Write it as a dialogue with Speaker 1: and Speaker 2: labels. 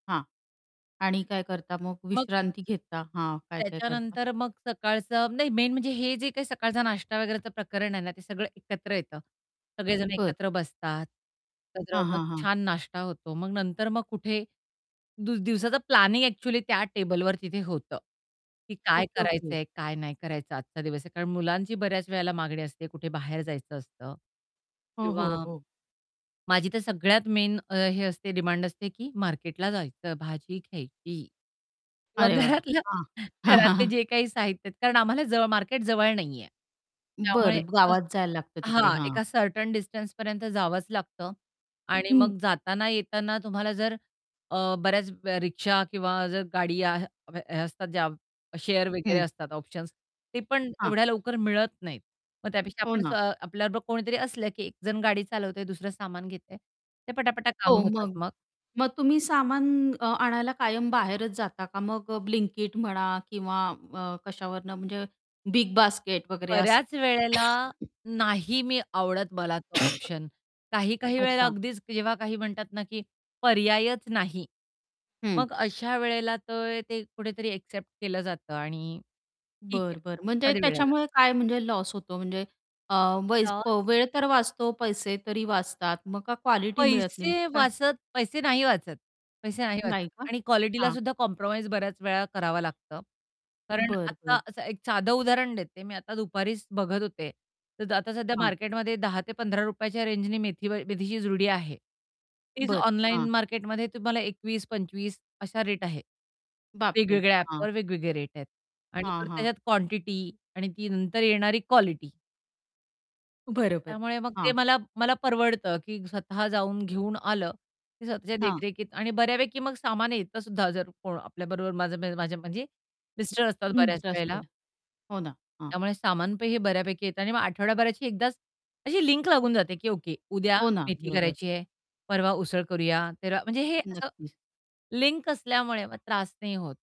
Speaker 1: हां आणि काय करता मग
Speaker 2: मग
Speaker 1: विश्रांती घेता? हां, काय-काय करता?
Speaker 2: त्याच्यानंतर मग सकाळचं नाही मेन म्हणजे हे जे काही सकाळचा नाश्ता वगैरेच प्रकरण आहे ना ते सगळं एकत्र येतं. सगळेजण
Speaker 1: बरं.
Speaker 2: एकत्र बसतात. एकत्र
Speaker 1: हां,
Speaker 2: मग
Speaker 1: हां, हां.
Speaker 2: छान नाश्ता होतो मग नंतर मग कुठे दि दिवसाचं प्लॅनिंग एक्चुअली त्या टेबलवर तिथे होतं. की काय
Speaker 1: ओके, ओके.
Speaker 2: करायचंय काय नाही करायचं आजचा दिवस आहे, कारण मुलांची बऱ्याच वेळेला मागणी असते कुठे बाहेर जायचं असतं.
Speaker 1: हो,
Speaker 2: किंवा,
Speaker 1: हो, हो.
Speaker 2: माझी तर सगळ्यात मेन हे असते डिमांड असते, की मार्केटला जायचं, भाजी घ्यायची. किंवा
Speaker 1: अरे वाह!
Speaker 2: घरातल्या
Speaker 1: हां.
Speaker 2: घरातले जे काही साहित्य आहेत कारण आम्हाला जवळ मार्केट जवळ नाहीये. त्यामुळे
Speaker 1: बरं गावात जायला लागतं तिकडे,
Speaker 2: हां,
Speaker 1: हां.
Speaker 2: एका सर्टन डिस्टन्सपर्यंत जावंच लागतं आणि
Speaker 1: हं.
Speaker 2: मग जाताना-येताना तुम्हाला जर अ, बऱ्याच रिक्षा किंवा जर गाडी हे असतात ज्या शेअर वगैरे
Speaker 1: हं.
Speaker 2: असतात ऑप्शन्स ते पण
Speaker 1: हां.
Speaker 2: एवढ्या लवकर मिळत नाहीत. मग त्यापेक्षा
Speaker 1: हो
Speaker 2: आपण स्व
Speaker 1: ना.
Speaker 2: आपल्याबरोबर कोणीतरी असलं, की एक जण गाडी चालवतंय, दुसरं सामान घेतंय ते पटापटा काम
Speaker 1: हो
Speaker 2: होतात
Speaker 1: मग
Speaker 2: मग
Speaker 1: मग तुम्ही सामान अ, आणायला कायम बाहेरच जाता का मग Blinkit म्हणा किंवा अ, कशावरनं म्हणजे BigBasket वगैरे असे
Speaker 2: बऱ्याच वेळेला नाही मी आवडत मला तो ऑप्शन काही-काही वेळेला
Speaker 1: अच्छा.
Speaker 2: अगदीच जेव्हा काही म्हणतात ना, की पर्यायच नाही.
Speaker 1: हं.
Speaker 2: मग अशा वेळेला तर ते कुठेतरी एक्सेप्ट केलं जातं आणि ठीक
Speaker 1: बरं, बरं.
Speaker 2: आहे
Speaker 1: म्हणजे
Speaker 2: एखाद्या वेळेला.
Speaker 1: त्याच्यामुळे काय म्हणजे लॉस होतो म्हणजे अ, वै
Speaker 2: लॉस.
Speaker 1: वेळ तर वाचतो, पैसे तरी वाचतात, मग का क्वालिटी मिळत नाही म्हणजे
Speaker 2: पैसे
Speaker 1: काय
Speaker 2: वाचत, पैसे नाही वाचत पैसे नाही
Speaker 1: नाही
Speaker 2: वाचत
Speaker 1: का?
Speaker 2: आणि क्वालिटीला
Speaker 1: हां.
Speaker 2: सुद्धा कॉम्प्रोमाईज बऱ्याच वेळा करावं लागतं. कारण
Speaker 1: बरं,
Speaker 2: आता
Speaker 1: बरं.
Speaker 2: असं एक साध उदाहरण देते, मी आता दुपारीच बघत होते. तर आता सध्या
Speaker 1: हां.
Speaker 2: मार्केटमध्ये ₹10 ते ₹15 च्या रेन्जनी मेथी मेथीची जुडी आहे. तेच
Speaker 1: बरं.
Speaker 2: ऑनलाईन
Speaker 1: हां.
Speaker 2: मार्केटमध्ये तुम्हाला 21, 25 अशा रेट आहे.
Speaker 1: बापरे!
Speaker 2: वेगवेगळ्या
Speaker 1: हां.
Speaker 2: ॲपवर वेगवेगळे रेट आहेत आणि
Speaker 1: हां, हां.
Speaker 2: त्याच्यात क्वांटिटी आणि ती नंतर येणारी क्वालिटी.
Speaker 1: बरोबर.
Speaker 2: त्यामुळे मग ते
Speaker 1: हां.
Speaker 2: मला मला परवडतं की स्वतः जाऊन, घेऊन आलं. ते स्वतःच्या
Speaker 1: हां.
Speaker 2: देखरेखीत आणि बऱ्यापैकी मग सामान येतसुद्धा जर कोण आपल्याबरोबर माझ्या म्हणजे
Speaker 1: हं.
Speaker 2: मिस्टर असतात बऱ्याच वेळेला
Speaker 1: [unintelligible] हो ना, हां.
Speaker 2: त्यामुळे सामान हे बऱ्यापैकी येत आणि मग आठवड्याभराची एकदाच अशी लिंक लागून जाते की ओके उद्या
Speaker 1: हो ना.
Speaker 2: मेथी
Speaker 1: बरोबर.
Speaker 2: करायची आहे. परवा उसळ करूया, थेरवा म्हणजे हे असं
Speaker 1: नक्कीच.
Speaker 2: लिंक असल्यामुळे मग त्रास नाही होत.